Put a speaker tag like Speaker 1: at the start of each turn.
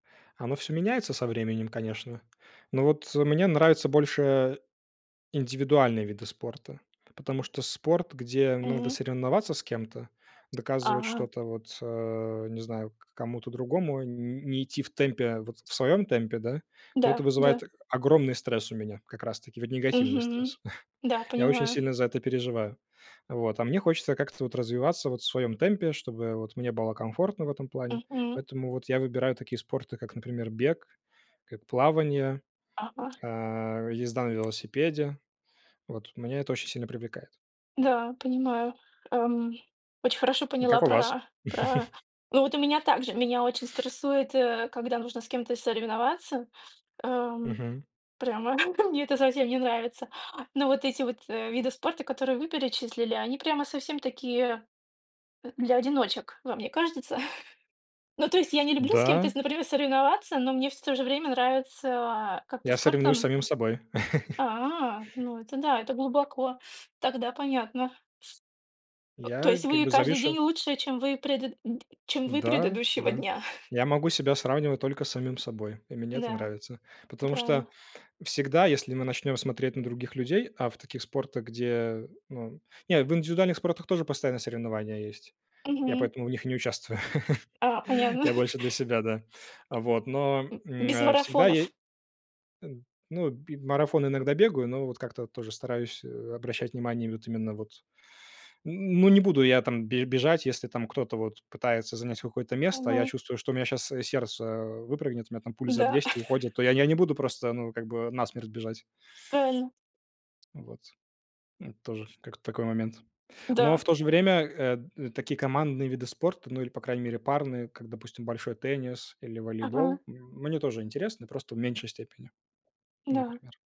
Speaker 1: Оно всё меняется со временем, конечно. Но вот, э, мне нравятся больше индивидуальные виды спорта, потому что спорт, где надо
Speaker 2: Мгм.
Speaker 1: соревноваться с кем-то, доказывать
Speaker 2: А.
Speaker 1: что-то вот, а, не знаю, к кому-то другому, н не идти в темпе, вот, в своем темпе, да, то
Speaker 2: Да,
Speaker 1: это
Speaker 2: да.
Speaker 1: вызывает, э, огромный стресс у меня, как раз-таки негативный
Speaker 2: Мгм.
Speaker 1: стресс.
Speaker 2: Да,
Speaker 1: Я очень
Speaker 2: понимаю.
Speaker 1: сильно за это переживаю, вот. А мне хочется как-то вот развиваться вот в своем темпе, чтобы вот мне было комфортно в этом плане.
Speaker 2: Мгм.
Speaker 1: Поэтому вот я выбираю такие спорты, как, например, бег, как плавание,
Speaker 2: Ага.
Speaker 1: а, езда на велосипеде, вот. Меня это очень сильно привлекает.
Speaker 2: Да, понимаю, эм. Очень хорошо
Speaker 1: А
Speaker 2: поняла
Speaker 1: как у вас?
Speaker 2: про про Ну, вот у меня так же, меня очень стрессует, э, когда нужно с кем-то соревноваться, эм.
Speaker 1: Мгм.
Speaker 2: Прямо мне это совсем не нравится. Но вот эти вот, э, виды спорта, которые вы перечислили, они прямо совсем такие для одиночек, вам мне кажется? Ну то есть я не люблю с кем-то,
Speaker 1: Да.
Speaker 2: с например, соревноваться, но мне, с в то же время нравится, а, как-то
Speaker 1: Я соревную с
Speaker 2: спортом
Speaker 1: самим собой.
Speaker 2: А, ну это да, это глубоко, тогда понятно. Э, то
Speaker 1: Я
Speaker 2: есть
Speaker 1: как
Speaker 2: вы
Speaker 1: бы
Speaker 2: каждый
Speaker 1: завишу
Speaker 2: день лучше, чем вы предыд д чем вы
Speaker 1: Да,
Speaker 2: предыдущего
Speaker 1: да.
Speaker 2: дня?
Speaker 1: Я могу себя сравнивать только с самим собой, и мне это
Speaker 2: Да,
Speaker 1: нравится.
Speaker 2: это
Speaker 1: Потому что
Speaker 2: правильно.
Speaker 1: всегда, если мы начнем смотреть на других людей, а в таких спортах, где, ну, не в индивидуальных спортах тоже постоянно соревнования есть. Я
Speaker 2: Мгм.
Speaker 1: поэтому в них и не участвую.
Speaker 2: А, понятно.
Speaker 1: Я больше для себя, да. Вот, но,
Speaker 2: М.
Speaker 1: м,
Speaker 2: Без
Speaker 1: э, всегда я э,
Speaker 2: марафонов.
Speaker 1: ну, б марафоны иногда бегаю, но вот как-то вот тоже стараюсь, э, обращать внимание вот именно вот н ну, не буду я там бе бежать, если там кто-то вот пытается занять какое-то место, а я
Speaker 2: Мгм.
Speaker 1: чувствую, что у меня щас, э, сердце выпрыгнет, у меня там пульс за
Speaker 2: Да.
Speaker 1: 200 уходит, то я я не буду просто, ну, как бы насмерть бежать.
Speaker 2: Правильно.
Speaker 1: Ну, вот, м, тоже как такой момент. Но
Speaker 2: Да.
Speaker 1: в то же время, э, такие командные виды спорта, ну, или, по крайней мере, парные, как, допустим, большой теннис или
Speaker 2: Ага.
Speaker 1: волейбол, м, мне тоже интересны, просто в меньшей степени,
Speaker 2: Да.
Speaker 1: например.